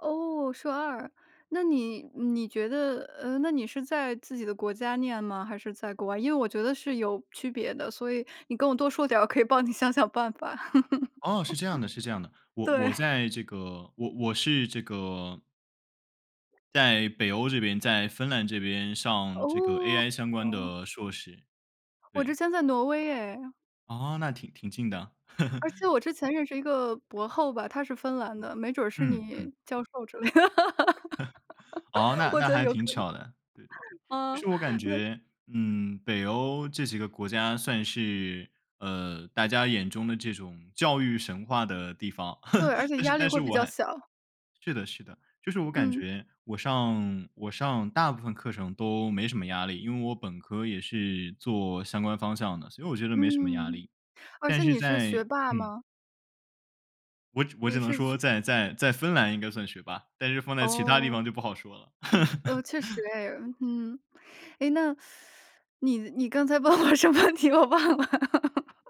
哦，硕2，那你你觉得呃，那你是在自己的国家念吗？还是在国外，因为我觉得是有区别的，所以你跟我多说点儿，我可以帮你想想办法。哦，是这样的，是这样的。我我对。在这个我我是这个在北欧这边，在芬兰这边上这个哦，AI 相关哦。的硕士，我之对。前在挪威耶。哦，那挺挺近的。而 且我之前认识一个博后吧，他是芬兰的，没准儿是嗯，你嗯。教授之类的。哦，那我那觉得还有挺可能。巧的，对对对，其嗯，实我感那觉嗯，北欧这几个国家算是呃，大家眼中的这种教育神话的地方，对，而 且但是压力但会是比我较还小。是的是的，就是我感嗯。觉，我上我上大部分课程都没什么压力，因为我本科也是做相关方向的，所以我觉得没什么压嗯，力，而但且是你是在学霸嗯。吗？我我只你能是说，去在在在芬兰应该算学霸，但是放在其他地方哦。就不好说了。呃，确实 哎，嗯。哎，那 你你刚才问我什么问题我忘了。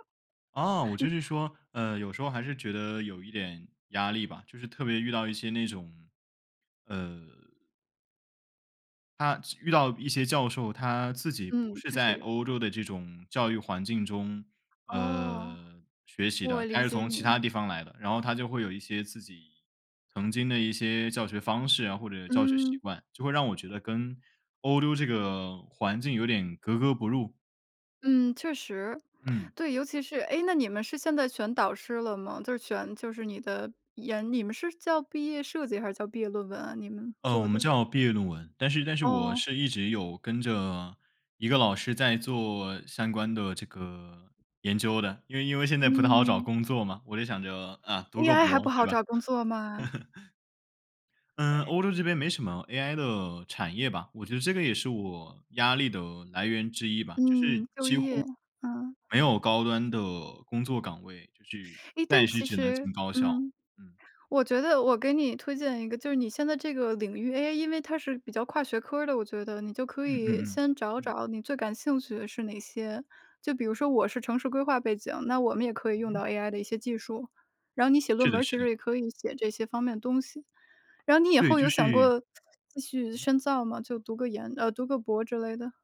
啊，我就是你说，呃，有时候还是觉得有一点压力吧，就是特别遇到一些那种，呃他遇到一些教授，他自己不嗯，是就是在有。欧洲的这种教育环境中，哦，呃学习的，我他理是解从其你。他地方来的，然后他就会有一些自己曾经的一些教学方式啊，或者教学习嗯。惯，就会让我觉得跟欧洲这个环境有点格格不入。嗯，确实。嗯。对，尤其是诶，那你们是现在选导师了吗？就是选就是你的研你们是叫毕业设计还是叫毕业论文啊，你们呃，我做们的。叫毕业论文，但是但是我哦。是一直有跟着一个老师在做相关的这个研究的，因为因为现在不太好找嗯。工作嘛，我就想着，啊，读个 AI 还博不对好吧？找工作吗？呃，哎。欧洲这边没什么 AI 的产业吧，我觉得这个也是我压力的来源之一吧，就是嗯，就几业，嗯。乎没有高端的工作岗位，就是诶，但暂时其只能实进高校。嗯，嗯。我觉得我给你推荐一个就是你现在这个领域，AI 因为它是比较跨学科儿的我觉得，你就可嗯嗯以嗯，先找嗯。找你最感兴趣的是哪些。就比如说我是城市规划背景，那我们也可以嗯用到哼。AI 的一些技术，然后你写是论的文儿是其的。实也可以写这些方面的东西。然后你以对，后就有想是过继续嗯。深造吗？就读个研呃，读个博之类的？